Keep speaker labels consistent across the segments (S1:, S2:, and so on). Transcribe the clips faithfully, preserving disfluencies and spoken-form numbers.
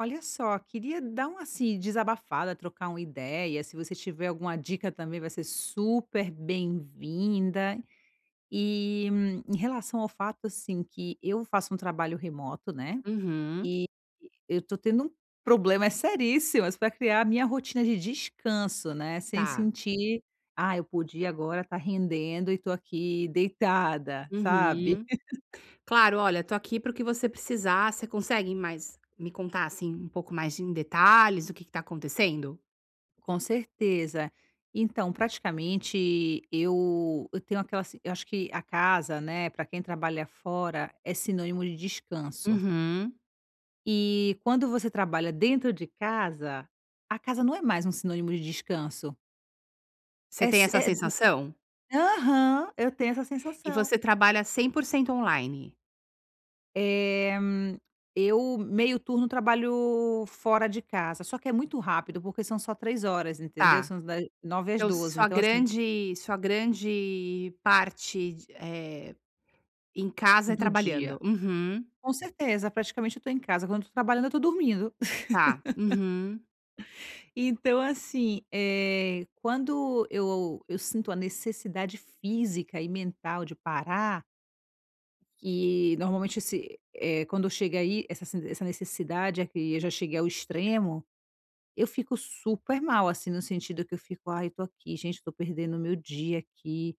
S1: Olha só, queria dar uma assim, desabafada, trocar uma ideia, se você tiver alguma dica também vai ser super bem-vinda, eh, em relação ao fato assim, que eu faço um trabalho remoto, né,
S2: Uhum.
S1: eh, eu tô tendo um problema seríssimo, mas pra criar a minha rotina de descanso, né, sem
S2: Tá.
S1: sentir: "Ah, eu podia agora tá rendendo e tô aqui deitada.", sabe?
S2: Uhum, claro, olha, eu tô aqui para o que você precisar, você consegue mais me contar assim, um pouco mais em detalhes o que que está acontecendo?
S1: Com certeza, então, praticamente eu eu tenho aquela s eu acho que a casa, né, pra quem trabalha fora é sinônimo de descanso
S2: Uhum.
S1: eh, quando você trabalha dentro de casa, a casa não é mais um sinônimo de descanso
S2: Você
S1: é
S2: tem
S1: si
S2: essa
S1: eh, hum,
S2: sensação?
S1: aham, eu tenho essa
S2: E
S1: sensação.
S2: você trabalha cem por cento online?
S1: Eh, eu meio turno trabalho fora de casa, só que é muito rápido porque são só três horas, entendeu?
S2: Tá
S1: São uns da nove às
S2: então
S1: doze,
S2: sua
S1: então assim
S2: grande sua grande parte de, eh, em casa é
S1: Do dia
S2: trabalhando. Uhum.
S1: com certeza, praticamente eu tô em casa, quando eu não tô trabalhando, eu tô dormindo.
S2: Tá, uhum.
S1: Então, assim, eh, quando eu eu sinto a necessidade física e mental de parar eh normalmente esse, eh, quando chega aí, essa sen essa necessidade, eh, que eu já cheguei ao extremo, eu fico super mal assim, no sentido que eu fico: "Aí, eu tô aqui, gente, eu tô perdendo o meu dia aqui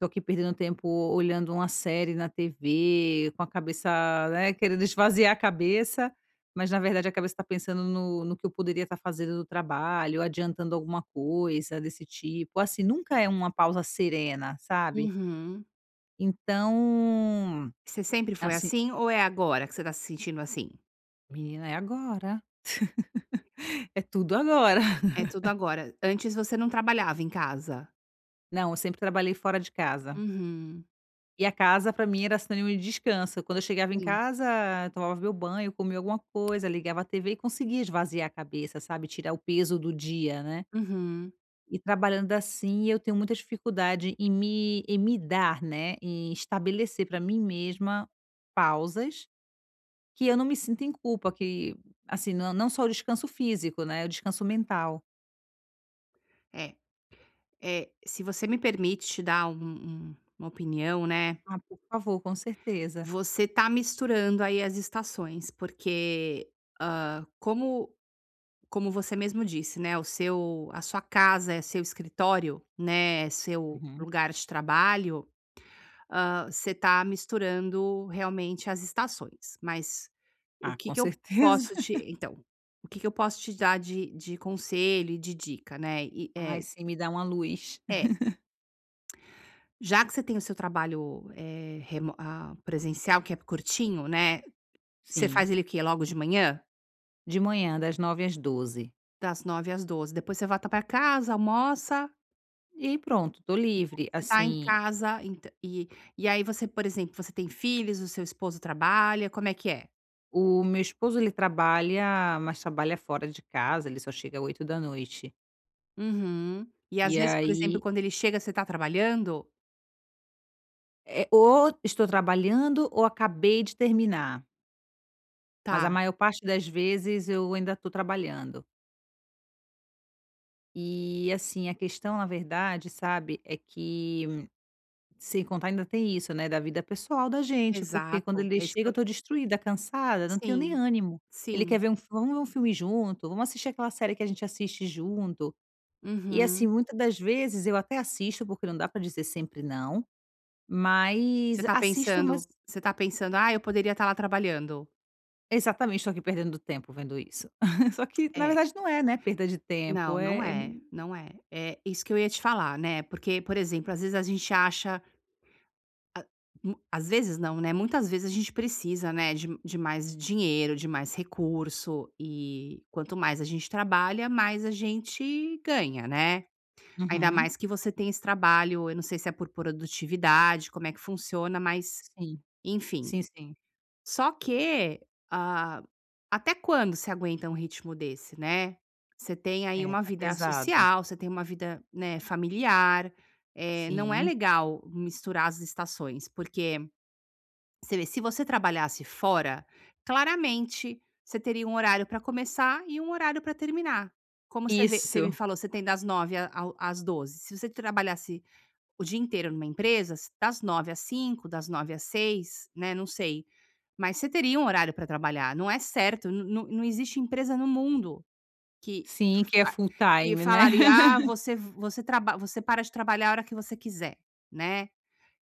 S1: tô aqui perdendo tempo olhando uma série na TV", com a cabeça, né, querendo esvaziar a cabeça, mas na verdade, a cabeça tá pensando no no que eu poderia estar fazendo do trabalho, adiantando alguma coisa desse tipo, assim, nunca é uma pausa serena, sabe?
S2: Uhum.
S1: Então,
S2: Você sempre foi
S1: assim
S2: assim? Ou é agora, que você está se sentindo assim?
S1: Menina é agora. É tudo agora.
S2: É tudo agora, antes você não trabalhava em casa?
S1: Não, eu sempre trabalhei fora de casa.
S2: Uhum.
S1: E a casa para mim era sinônimo de descanso, quando eu chegava em
S2: Sim.
S1: casa, tomava meu banho, comia alguma coisa, ligava a TV e conseguia esvaziar a cabeça, sabe, tirar o peso do dia, né.
S2: Uhum.
S1: E trabalhando assim, eu tenho muita dificuldade, em me em me dar, né, em estabelecer, para mim mesma, pausas, que eu não me sinto em culpa, que, assim, não não só o descanso físico, né, o descanso mental.
S2: É, é, se você me permite dar um um uma opinião, né.
S1: Ah, por favor, com certeza.
S2: Você está misturando aí as estações, porque, ah, como como você mesmo disse, né, o seu a sua casa é seu escritório, né, seu
S1: Uhum.
S2: lugar de trabalho, ah, você está misturando realmente as estações, mas o
S1: Ah,
S2: que
S1: com
S2: que eu
S1: certeza.
S2: posso te então, o que que eu posso te dar de de conselho e de dica, né? E,
S1: Ai
S2: é
S1: sim, me dá uma luz.
S2: É. Já que você tem o seu trabalho, eh, remo ah, presencial, que é curtinho, né, você
S1: Sim.
S2: faz ele o quê, logo de manhã?
S1: De manhã das nove às doze.
S2: Das nove às doze. Depois você volta pra casa, almoça
S1: E pronto. Tô
S2: [unintelligible]
S1: livre,
S2: você tá em
S1: assim
S2: casa, ent e e aí você, por exemplo, você tem filhos? O seu esposo trabalha? Como é que é?
S1: O meu esposo ele trabalha, mas trabalha fora de casa ele só chega oito da noite.
S2: Uhum. E às
S1: E
S2: vezes, por exemplo,
S1: aí
S2: quando ele chega, você tá trabalhando?
S1: Eh, ou estou trabalhando ou acabei de terminar. Mas a
S2: Tá.
S1: maior parte das vezes eu ainda tô trabalhando. E, assim, a questão, na verdade, sabe, é que sem contar ainda tem isso, né, da vida pessoal da gente, porque quando
S2: Exato.
S1: ele
S2: É isso que
S1: chega,
S2: eu
S1: eu tô destruída, cansada, não tenho nem
S2: Sim,
S1: ânimo. Ele quer
S2: sim.
S1: ver um fil "vamos ver um filme junto, vamos assistir aquela série que a gente assiste junto". E assim,
S2: Uhum.
S1: muitas das vezes eu até assisto, porque não dá pra dizer sempre não,
S2: Você
S1: mas
S2: tá
S1: assisto umas
S2: pensando você tá pensando: "Ah, eu poderia ta lá trabalhando".
S1: Exatamente. Tô aqui perdendo tempo vendo isso. Só que na
S2: É.
S1: verdade não é, né, perda de tempo
S2: Não, não
S1: é
S2: é, não é. Eh, isso que eu ia te falar, né, porque, por exemplo, às vezes a gente acha a mu às vezes não, né. Muitas vezes a gente precisa, né, de de mais dinheiro, de mais recurso e quanto mais a gente trabalha, mais a gente ganha, né. Ainda
S1: Uhum.
S2: mais que você tem esse trabalho, eu não sei se é por produtividade, como é que funciona, mas
S1: Sim,
S2: enfim.
S1: sim, sim.
S2: Só que, ah, até quando você aguenta um ritmo desse, né, você tem aí
S1: É,
S2: uma
S1: tá
S2: vida
S1: pesado.
S2: social você tem uma vida, né, familiar, eh, não é
S1: Sim.
S2: legal misturar as estações. Porque você vê, se você trabalhasse fora, claramente você teria um horário pra começar e um horário pra terminar. Como você vê você me
S1: Isso.
S2: falou, você tem das nove ao às doze. Se você trabalhasse o dia inteiro numa empresa, das nove às cinco, das nove às seis, né. Não sei. Mas você teria um horário pra trabalhar. Não é certo, n não não existe empresa no mundo que
S1: Sim, que é
S2: fa
S1: full
S2: que
S1: time, né?
S2: falaria: "Ah, você v você traba você para de trabalhar a hora que você quiser", né.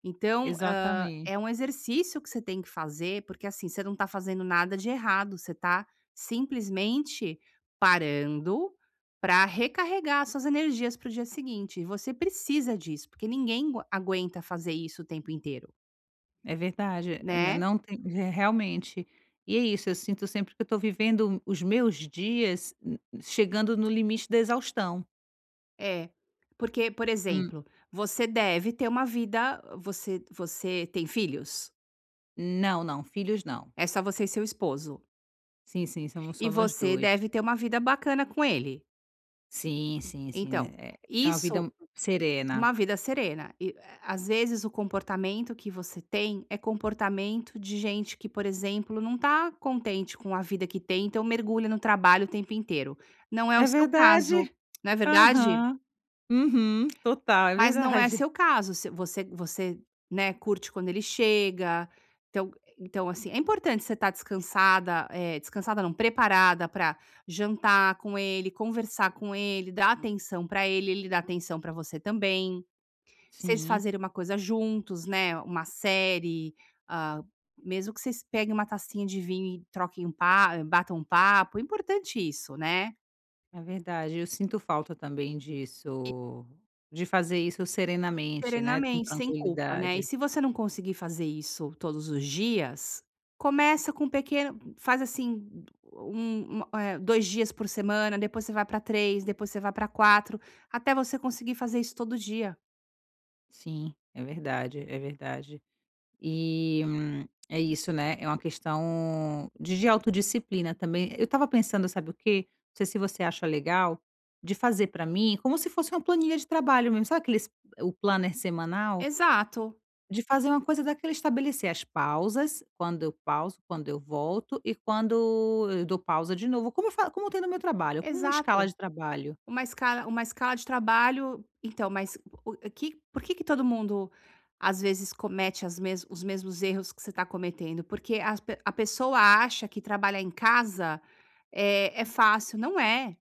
S2: Então, hã,
S1: Exatamente.
S2: é um exercício que você tem que fazer, porque, assim, você não tá fazendo nada de errado você tá simplesmente parando pra recarregar as suas energias para o dia seguinte. E você precisa disso, porque ninguém gua aguenta fazer isso o tempo inteiro.
S1: É verdade, nã
S2: Né?
S1: não tem re realmente, e é isso, eu sinto sempre que eu tô vivendo os meus dias n chegando no limite da exaustão.
S2: É porque, por
S1: Hum?
S2: exemplo, você deve ter uma vida, você você tem filhos?
S1: Não, não filhos, não.
S2: É só você e seu esposo.
S1: Sim, sim, somos
S2: E
S1: só nós
S2: você
S1: dois.
S2: deve ter uma vida bacana com ele.
S1: Sim, sim, sim,
S2: Então,
S1: é é uma vida
S2: isso
S1: serena.
S2: uma vida serena e a às vezes o comportamento que você tem é comportamento de gente que, por exemplo, não tá contente com a vida que tem. Então mergulha no trabalho o tempo inteiro. Não é o
S1: É
S2: seu caso,
S1: verdade,
S2: não é verdade?
S1: aham, uhum, total é
S2: Mas não é
S1: verdade.
S2: seu caso. Se você você, né, curte quando ele chega, então então assim, é importante você estar descansada, é descansada não, preparada para jantar com ele, conversar com ele, dar atenção pra ele. Ele dá atenção pra você também. Vocês
S1: Sim.
S2: fazerem uma coisa juntos, né. Uma série, ah, mesmo que vocês peguem uma tacinha de vinho e troquem um pa batam um papo. importante isso, né?
S1: É verdade, eu sinto falta também
S2: [unintelligible]
S1: disso, de fazer isso serenamente, né. Com
S2: Serenamente sem culpa, né, e
S1: tranquilidade.
S2: se você não conseguir fazer isso todos os dias, começa com um pequeno faz assim, u um eh eh, dois dias por semana, depois você vai para três, depois você vai pra quatro até você conseguir fazer isso todo dia.
S1: Sim, é verdade, é verdade. E, é isso, né. É uma questão de de autodisciplina também. Eu estava pensando, sabe o quê? Não sei se você acha legal, de fazer para mim, como se fosse uma planilha de trabalho mesmo. Sabe, o aqueles o planner semanal?
S2: Exato.
S1: De fazer uma coisa daquele, estabelecer as pausas, quando eu pauso, quando eu volto e quando eu dou pausa de novo, como eu fa como tem no meu trabalho, como uma escala
S2: Exato,
S1: de trabalho.
S2: uma escala uma escala de trabalho, então, mas o o que por que que todo mundo, às vezes, comete as mes os mesmos erros que você tá cometendo? Porque as pe a pessoa acha que trabalhar em casa é é fácil, não é.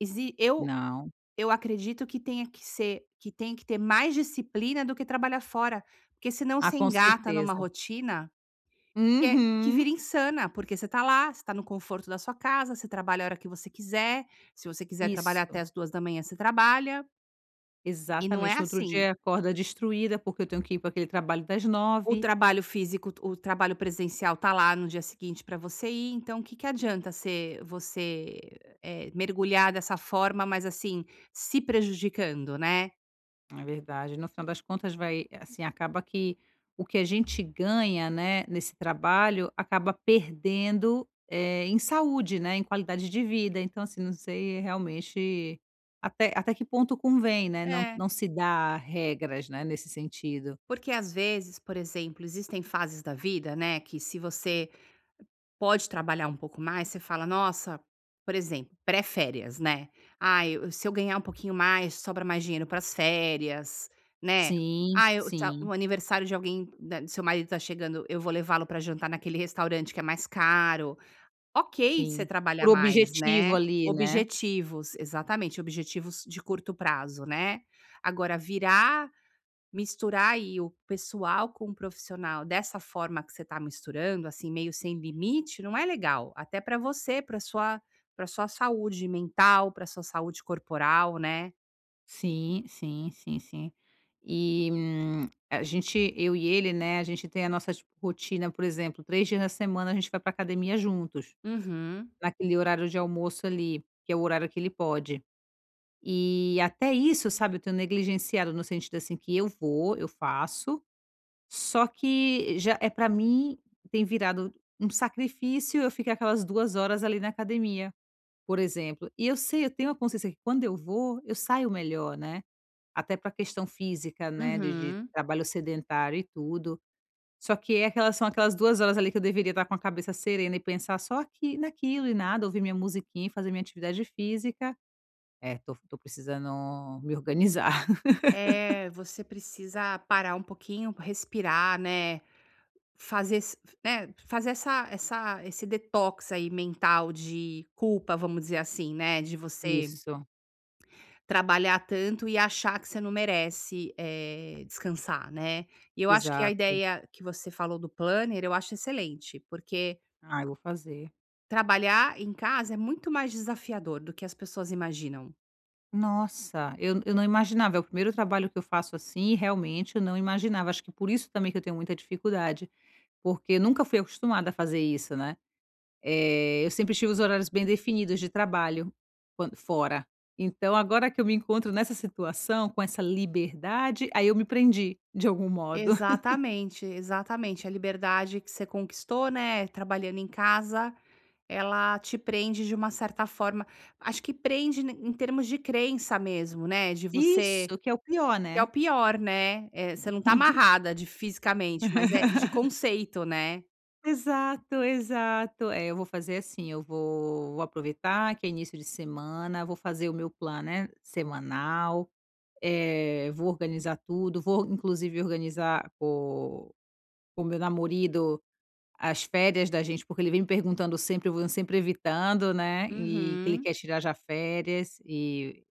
S2: Exi eu
S1: Não.
S2: eu acredito que tenha que ser que tenha que ter mais disciplina, do que trabalhar fora, porque se não
S1: Ah,
S2: você
S1: com
S2: engata numa
S1: certeza.
S2: rotina, que é que
S1: Uhum.
S2: vira insana, porque você está lá, você está no conforto da sua casa, você trabalha a hora que você quiser. Se você quiser trabalhar até
S1: Isso.
S2: às duas horas da manhã, você trabalha e não é
S1: Exatamente, no outro dia,
S2: assim.
S1: e acorda destruída, porque eu tenho que ir para aquele trabalho das
S2: O
S1: nove.
S2: trabalho físico, o trabalho presencial está lá no dia seguinte para você ir. Então, o que que adianta ser você, eh, mergulhar dessa forma, mas, assim, se prejudicando, né?
S1: É verdade, no final das contas, vai assim, acaba que o que a gente ganha, né, nesse trabalho, acaba perdendo, eh, em saúde, né, em qualidade de vida. Então, assim, não sei realmente, até até que ponto convém, né, não
S2: É.
S1: não se dar regras, né, nesse sentido.
S2: Porque às vezes, por exemplo, existem fases da vida, né, que se você pode trabalhar um pouco mais, você fala: "Nossa", por exemplo, pré-férias, né. "Ah, eu se eu ganhar um pouquinho mais, sobra mais dinheiro para as férias", né.
S1: Sim,
S2: "Ah, eu tá
S1: sim.
S2: o aniversário de alguém da do seu marido tá chegando, eu vou levá-lo para jantar naquele restaurante que é mais caro." Ok, você
S1: Sim. Por
S2: trabalhar mais,
S1: objetivo
S2: né.
S1: ali, né.
S2: Objetivos exatamente, objetivos de curto prazo, né. Agora virar misturar aí o pessoal com o profissional dessa forma que você tá misturando, assim, meio sem limite. Não é legal. Até pra você, para a sua para a sua saúde mental, para a sua saúde corporal, né.
S1: Sim, sim, sim, sim. E, a gente eu e ele, né. A gente tem a nossas rotina, por exemplo, três dias na semana a gente vai pra academia juntos.
S2: Uhum.
S1: Naquele horário de almoço ali, que é o horário que ele pode. E, até isso sabe, eu tenho negligenciado no sentido, assim, que eu vou, eu faço. Só que já é pra mim, tem virado um sacrifício, eu ficar aquelas duas horas, ali na academia, por exemplo, e eu sei, eu tenho a consciência que quando eu vou eu saio melhor, né. Até pra questão física, né, de de
S2: Uhum.
S1: trabalho sedentário e tudo. Só que é aquela são aquelas duas horas ali que eu deveria estar com a cabeça serena e pensar só aqui naquilo e nada, ouvir minha musiquinha e fazer minha atividade física. É, tô tô precisando me organizar.
S2: É, você precisa parar um pouquinho, respirar, né. Fazer ess né, fazer essa essa esse detox aí mental de culpa, vamos dizer assim, né, de você...
S1: Isso.
S2: trabalhar tanto e achar que você não merece, eh, descansar, né. E, eu acho que a
S1: Exato.
S2: ideia que você falou do planner, eu acho excelente, porque
S1: Ah, eu vou fazer.
S2: Trabalhar em casa é muito mais desafiador, do que as pessoas imaginam.
S1: Nossa, eu eu não imaginava. É o primeiro trabalho que eu faço assim, e, realmente, eu não imaginava. Acho que por isso também que eu tenho muita dificuldade, porque eu nunca fui acostumada a fazer isso, né. Eh, eu sempre tive os horários bem definidos de trabalho, quando fora. Então, agora que eu me encontro nessa situação, com essa liberdade, aí eu me prendi, de algum modo.
S2: Exatamente, exatamente, a liberdade que você conquistou, né, trabalhando em casa, ela te prende de uma certa forma. Acho que prende, em termos de crença, mesmo, né, de você
S1: Isso que é o pior,
S2: que é o
S1: né?
S2: pior, né. É, você não está amarrada, de fisicamente, mas é de conceito, né?
S1: Exato, exato, é, eu vou fazer assim, eu vou vou aproveitar, que é início de semana, vou fazer o meu planner semanal, eh, vou organizar tudo, vou, inclusive, organizar com o meu "namorido", as férias da gente, porque ele vem me perguntando sempre, e eu vou sempre evitando, né. E que ele
S2: Uhum.
S1: quer tirar já férias, e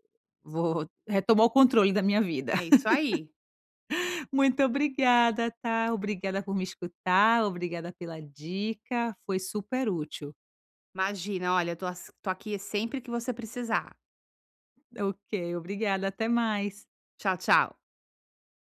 S1: vou retomar o controle da minha vida.
S2: É isso aí.
S1: Muito obrigada, tá. Obrigada por me escutar. Obrigada pela dica. Foi super útil.
S2: Imagina, olha, eu to as estou aqui, sempre que você precisar.
S1: Ok. Obrigada até mais.
S2: Tchau, tchau.